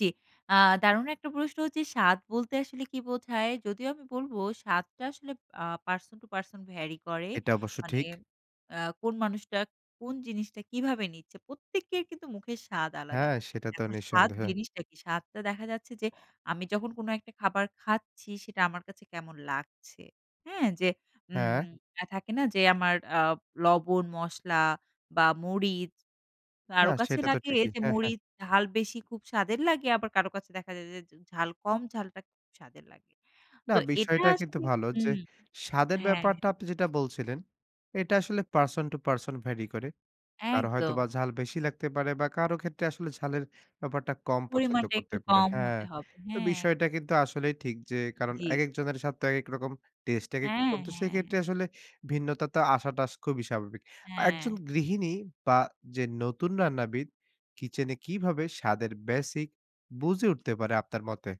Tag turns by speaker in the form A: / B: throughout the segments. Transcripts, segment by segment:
A: জি। আ দারুণ একটা প্রশ্ন হচ্ছে স্বাদ বলতে আসলে কী বোঝায়? যদিও আমি বলব স্বাদটা আসলে আ person to person vary করে।
B: এটা অবশ্য
A: মানে
B: ঠিক।
A: আ কোন মানুষটা, কোন জিনিসটা কিভাবে নিচ্ছে। প্রত্যেকের কিন্তু মুখের স্বাদ আলাদা।
B: হ্যাঁ, সেটা তো
A: এখন স্বাদ
B: নিঃসন্দেহে।
A: জিনিসটা কি? স্বাদটা দেখা যাচ্ছে যে, আমি যখন কোন একটা খাবার খাচ্ছি, সেটা আমার কাছে কেমন লাগছে? হ্যাঁ? যে উম
B: হ্যাঁ?
A: অ্যা থাকে না যে আমার আ লবণ, মশলা বা মরিচ,
B: না
A: কারো কাছে
B: সেটা তো
A: লাগে
B: ঠিকই,
A: যে
B: হ্যাঁ,
A: মরি
B: হ্যাঁ।
A: ঝাল বেশি, খুব স্বাদের লাগে, আবার কারো কাছে দেখা যায় যে যে ঝাল কম ঝালটা স্বাদের লাগে।
B: না,
A: তো এটা
B: বিষয়টা কিন্তু
A: আসলে
B: ভালো যে,
A: হুম,
B: স্বাদের
A: হ্যাঁ,
B: ব্যাপারটা
A: হ্যাঁ।
B: আপনি যেটা বলছিলেন, "এটা আসলে person to person vary করে।" কারো
A: একদম।
B: হয়তোবা ঝাল বেশি লাগতে পারে বা কারো ক্ষেত্রে আসলে ঝালের ব্যাপারটা কম পছন্দ
A: পরিমানটা
B: করতে
A: একটু
B: পারে
A: কম
B: হ্যাঁ।
A: হতে হবে,
B: তো
A: হ্যাঁ। এক
B: বিষয়টা কিন্তু আসলেই ঠিক যে কারণ,
A: জি।
B: একেক জনের স্বাদ তো একেক রকম, taste একেক
A: হ্যাঁ,
B: রকম। তো
A: হ্যাঁ,
B: সেক্ষেত্রে
A: হ্যাঁ।
B: আসলে ভিন্নতা তো আসাটা খুবই স্বাভাবিক। একজন
A: হ্যাঁ।
B: গৃহিণী বা যে নতুন রান্নাবিদ, kitchen এ কিভাবে স্বাদের basic বুঝে উঠতে পারে, আপনার মতে?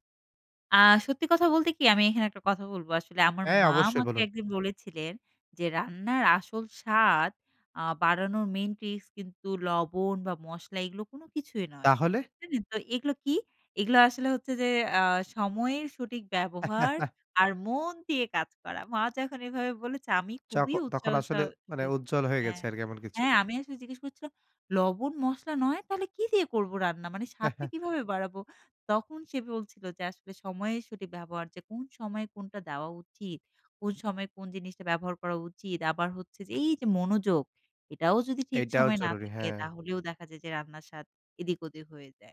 A: আ সত্যি কথা বলতে কি, আমি এখানে একটা কথা বলব। আসলে আমার
B: হ্যাঁ,
A: মা
B: অবশ্যই
A: আমাকে
B: বলুন।
A: একদিন বলেছিলেন যে, ‘’রান্নার আসল স্বাদ আ বাড়ানোর main tricks কিন্তু লবণ বা মশলা, এগুলো কোন কিছুই নয়।"
B: তাহলে?
A: [unintelligible] নেন তো এগুলো কি? এগুলা আসলে হচ্ছে যে, "আ সময়ের সঠিক ব্যবহার, আর মন দিয়ে কাজ করা।‘’ মা যখন এভাবে বলেছে, আমি খুবই
B: চকো তখন
A: উৎসাহ সহ
B: আসলে মানে
A: রি
B: উজ্জ্বল হয়ে
A: হ্যাঁ।
B: গেছে আরকি, এমন কিছু।
A: হ্যাঁ, আমি আসলে জিজ্ঞেস করছিলাম, ‘’লবণ মশলা নয়! তাহলে কি দিয়ে করব রান্না? মানে স্বাদটা কিভাবে বাড়াবো?‘’ তখন সে বলছিল যে, ‘’আসলে সময়ে সঠিক ব্যবহার, যে কোন সময়ে কোনটা দেওয়া উচি কোন সময়ে কোন জিনিসটা ব্যবহার করা উচিত? আবার হচ্ছে যে, এই যে মনোযোগ, এটাও যদি ঠিক
B: এটাও
A: সময়ে না
B: জরুরি,
A: থাকে,
B: হ্যাঁ।
A: তাহলেও দেখা যায় যে রান্নার স্বাদ এদিক ওদিক হয়ে যায়।‘’